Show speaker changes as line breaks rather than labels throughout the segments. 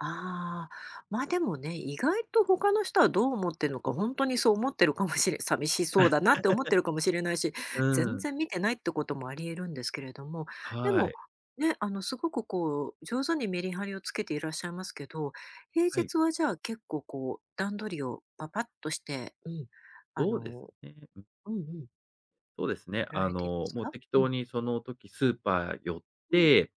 ああ、まあ、でもね、意外と他の人はどう思ってんのか、ほんとにそう思ってるかもしれ寂しそうだなって思って るかもしれないし、
う
全
ん。
然見てないってこともあり得るんですけれども。で
は
も、
い。
ね、あの、すごくこう上手にメリハリをつけていらっしゃいますけど、平
はい。
日はじゃあ結構、こう、段取りを、ぱぱっとして、うん、あ
そうです
の
ね、うん。
うんうん。
そうですね。
やら
あ
れているんで
の、
す
もう
か？
適
うん。
当にその時スーパー寄っ
うん
て、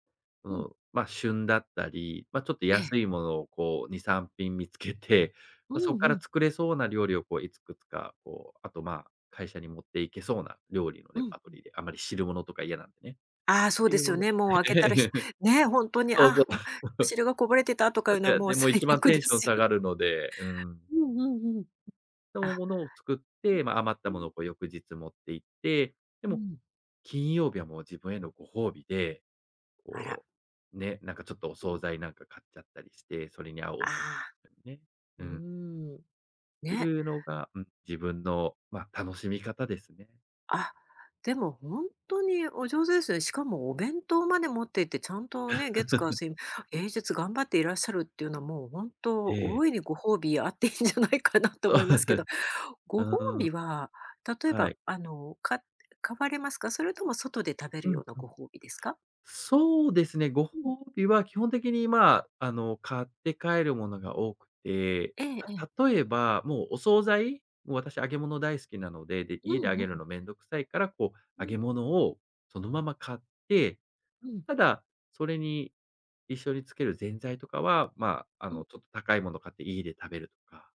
そ
うん。
の、ま、旬だったり、ま、ちょっと
ええ。
安いものをこう、2、3品見つけて
う
ま、そっ
ん
か
う
ら
ん。
作れそうな料理をこういつくつか、こう、あと、まあ、会社に持っていけそうな、料理の
う
レ
ん
パート
うん。
リーで、あまり汁物とか嫌なんでね。っ
ああ、そう
て
で
いう
す
の
よ
も、
ね、もう開けたら、ひ ねほんとに、あ
そうそ
あ
う。
うん、お汁がこぼれてたとかい
ば
うの
じ
は
ゃあ、
もう
でもい
最
ちばん
悪
テ
で
ンション
す
下
よ
がるので、うん。適
うんうん_うん。
当な
あ。
ものを作って、ま、余っ
う
た
んう
もの
ん。
をこう翌日持って行って、で
う
も、
ん。
金曜日はもう自分へのご褒美で、
あ
こ
ら。
うね、なんかちょっとお
う
惣
ん。
菜なんか買っちゃったりして、それに合うねお酒
ああ。
ね、
う
う
ー
ん
ん。
って
ね。
いうのがうん、自分の、ま、楽しみ方ですね。
あ、でもほんとにお上手ですよね。しかもお弁当まで持っていって、ちゃんとね、月火 水平日頑張っていらっしゃるっていうのはもう本当、
ええ。
大いにご褒美あっていいんじゃないかなと思いますけど。
う
ご褒
んうん。
美は、例え
は
ば、
い。
あの、か買われますか？それとも外で食べる
う
よう
ん
な
うん。
ご褒美ですか？
そうですね、ご
うん。
褒美は基本的にまあ、あの買って帰るものが多くて、
ええええ。
ま、例えば、もうお惣菜、もう私揚げ物大好きなので、で、
う
家で
ん
揚
う
げ
ん-
る
う。
の面倒くさいから、こう、
う
揚げ
ん。
物をそのまま買って、
うん。
ただ、それに、一緒につける前菜とかは、まあ、あ
う
の
ん。
ちょっと高いもの買って家で食べるとか。